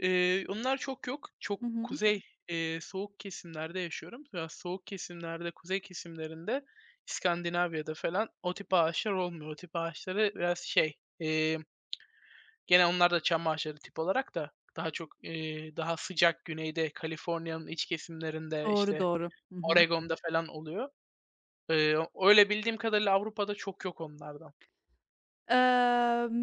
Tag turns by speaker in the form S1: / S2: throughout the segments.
S1: Eee, onlar çok yok, çok
S2: Hı hı.
S1: kuzey, eee, soğuk kesimlerde yaşıyorum. Ya, soğuk kesimlerde, kuzey kesimlerinde, İskandinavya'da falan o tip ağaçlar olmuyor. O tip ağaçları biraz şey, eee, gene onlar da çam ağaçları tip olarak da daha çok, eee, daha sıcak güneyde, Kaliforniya'nın iç kesimlerinde,
S2: Doğru,
S1: işte,
S2: doğru. Hı hı.
S1: Oregon'da falan oluyor. Iıı, öyle, bildiğim kadarıyla Avrupa'da çok yok onlardan.
S2: Eee,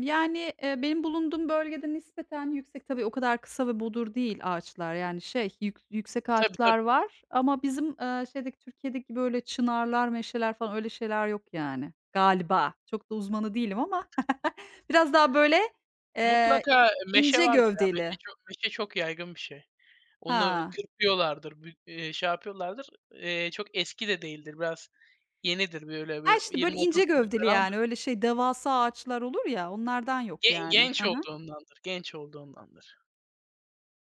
S2: yani, eee, benim bulunduğum bölgede nispeten yüksek, tabii o kadar kısa ve bodur değil ağaçlar. Yani, şey, yük yüksek
S1: Tabii
S2: ağaçlar
S1: tabii.
S2: var ama bizim, eee, şeydeki, Türkiye'deki, böyle, çınarlar, meşeler falan öyle şeyler yok yani. Galiba. Çok da uzmanı değilim ama. Biraz daha, böyle, eee,
S1: Mutlaka meşe
S2: ince
S1: vardır y,a meşe
S2: gövdeli.
S1: çok meşe çok yaygın bir şey, onu
S2: Ha.
S1: kırpıyorlardır, bir, eee, şey, yapıyorlardır. Eee, çok eski de değildir, biraz yenidir böyle
S2: He,
S1: bir
S2: işte,
S1: yirmi
S2: böyle, ince
S1: otuz yıllık
S2: gövdeli,
S1: falandır.
S2: yani, öyle, şey, devasa ağaçlar olur ya, onlardan yok
S1: Ge
S2: yani. He
S1: genç
S2: he.
S1: olduğundandır, genç olduğundandır.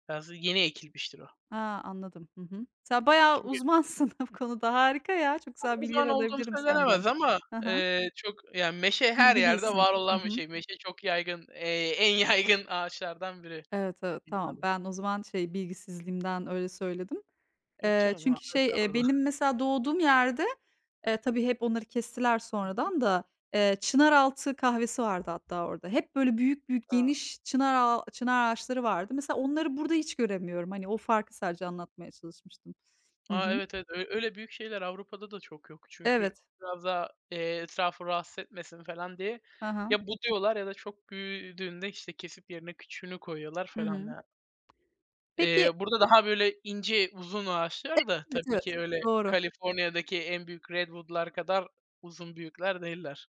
S1: Biraz yeni ekilmiştir o.
S2: He, anladım. Hı hı. Sen bayağı
S1: Çünkü
S2: uzmansın bu konuda. Harika ya. Çok güzel
S1: O
S2: bilgiler
S1: zaman olduğum
S2: alabilirim senden.
S1: söylenemez ama,
S2: He he.
S1: eee, çok, yani, meşe her yerde
S2: Bilgilisin.
S1: var
S2: Hı
S1: olan bir
S2: hı.
S1: şey. Meşe çok yaygın, eee, en yaygın ağaçlardan biri.
S2: Evet, evet, tamam.
S1: [unintelligible]
S2: Ben o zaman, şey, bilgisizliğimden öyle söyledim.
S1: Yok
S2: Eee,
S1: canım.
S2: çünkü şey, eee,
S1: Estağfurullah.
S2: benim mesela doğduğum yerde, eee, tabii hep onları kestiler
S1: I hı.
S2: sonradan da, eee, çınaraltı kahvesi vardı hatta orada. Hep, böyle, büyük büyük
S1: A!
S2: geniş çınar ağa çınar ağaçları vardı. Mesela onları burada hiç göremiyorum. Hani, o farkı sadece anlatmaya çalışmıştım. Hı
S1: A,
S2: hı.
S1: evet, evet, ö öyle, büyük şeyler Avrupa'da da çok yok. Çünkü
S2: Evet.
S1: biraz daha, eee, etrafı rahatsız etmesin falan diye
S2: He he.
S1: ya, buduyorlar ya da çok büyüdüğünde, işte, kesip yerine küçüğünü koyuyorlar
S2: Hı
S1: falan
S2: hı.
S1: yani. Eee,
S2: Peki
S1: burada daha, böyle, ince uzun ağaçlar
S2: Evet,
S1: da
S2: evet,
S1: tabii
S2: evet.
S1: ki öyle
S2: Doğru.
S1: Kaliforniya'daki en büyük redwood'lar kadar uzun büyükler değiller.